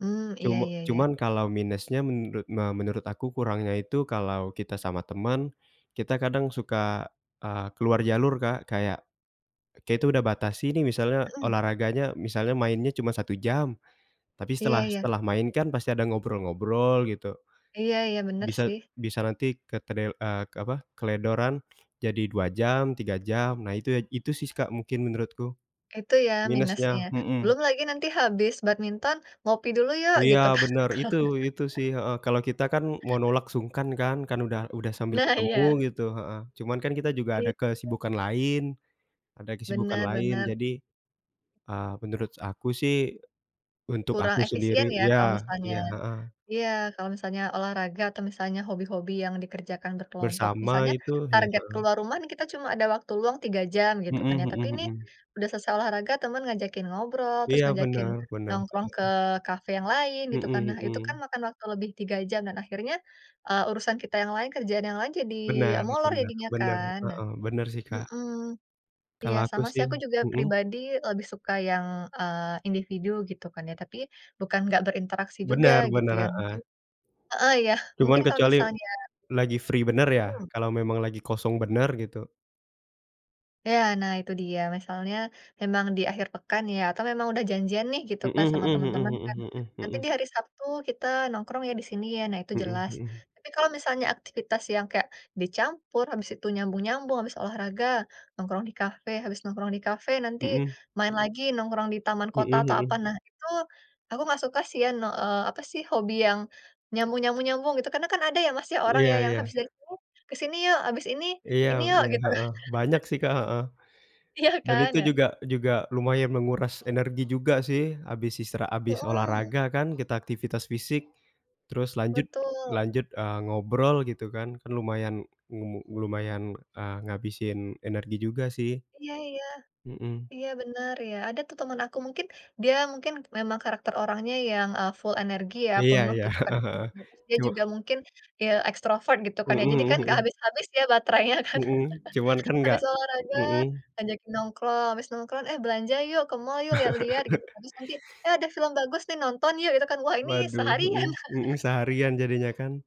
Hmm, iya Cum iya iya. cuman kalau minusnya menurut me menurut aku kurangnya itu kalau kita sama teman, kita kadang suka, eee, keluar jalur, Kak. Kayak, kita udah batasi nih misalnya Mhm. olahraganya, misalnya mainnya cuma 1 jam. Tapi Iya setelah iya. setelah main kan pasti ada ngobrol-ngobrol gitu. Iya iya, bener Bisa sih. bisa nanti ketrel eee apa, keteledoran jadi 2 jam, 3 jam nah itu ya, itu sih Kak mungkin menurutku. Itu ya minusnya? Minusnya, mhm. Belum lagi nanti habis badminton, ngopi dulu yuk Iya gitu kan? bener itu itu sih, heeh. Kalau kita kan mau nolak sungkan kan, kan udah udah sambil Nah, ketemu iya. gitu, heeh. Cuman kan kita juga ada Iya. kesibukan lain ada kesibukan Bener lain. bener. Jadi, eee, menurut aku sih, untuk Kurang aku sendiri efisien ya iya, kalau misalnya iya heeh. iya kalau misalnya olahraga atau misalnya hobi-hobi yang dikerjakan berkelompok. Bersama Misalnya itu ya, target heeh. keluar rumah nih kita cuma ada waktu luang 3 jam gitu Mhm kan ya, tapi mhm nih mhm. udah selesai olahraga temen ngajakin ngobrol, terus Iya ngajakin bener bener, nongkrong ke heeh. kafe yang lain gitu Mhm kan. Nah, itu kan mhm. makan waktu lebih 3 jam dan akhirnya, eee, urusan kita yang lain, kerjaan yang lain jadi Bener molor bener jadinya bener, kan. Nah heeh. Bener sih, Kak. mhm, iya Kalau aku sama sih sih aku juga mhm? pribadi lebih suka yang, eee, individu gitu kan ya. Tapi bukan nggak berinteraksi juga Bener gitu bener, ya, mungkin heeh. heeh, iya mungkin Cuman kalau kecuali misalnya lagi free bener ya, Hmm. kalau memang lagi kosong bener gitu. Iya, nah itu dia misalnya memang di akhir pekan ya atau memang udah janjian nih gitu Mhm kan mhm sama temen-temen mhm kan, mhm nah mhm nanti mhm. di hari Sabtu kita nongkrong ya di sini ya, nah itu Mhm jelas. mhm. Tapi kalau misalnya aktivitas yang kayak dicampur habis itu nyambung-nyambung, habis olahraga nongkrong di kafe, habis nongkrong di kafe nanti Mhm. main lagi nongkrong di taman Mhm kota atau apa. mhm. Nah, itu aku nggak suka sih ya no eee, apa sih hobi yang nyambung nyambung nyambung gitu, karena kan ada ya, Mas, ya, orang Iya ya yang iya. habis dari sini, ke sini yuk, habis ini, Iya ini yuk iya, gitu. heeh, banyak sih, Kak, heeh. Iya Dan kan, itu ya? juga juga lumayan menguras energi juga sih. Habis istira habis Mhm. olahraga kan kita aktivitas fisik, terus lanjut Betul. lanjut, eee, ngobrol gitu kan. Kan lumayan ngu lumayan, eee, ngabisin energi juga sih. Iya iya. Mhm. Iya, bener ya. Ada tuh temen aku mungkin dia mungkin memang karakter orangnya yang, eee, full energi ya, Iya penuh iya, gitu kan heeh heeh. energinya. Terus dia Cu juga mungkin, eee, ekstrovert gitu kan ya. Mhm Jadi kan mhm nggak mhm. habis-habis ya baterainya kan. Mhm, cuman kan gak Habis olahraga mhm. ngajakin nongkrong, habis nongkrong eh belanja yuk ke mall yuk lihat-lihat gitu. Terus nanti, eh ada film bagus nih nonton yuk gitu kan, wah ini Waduh, mhm seharian. mhm, seharian jadinya kan.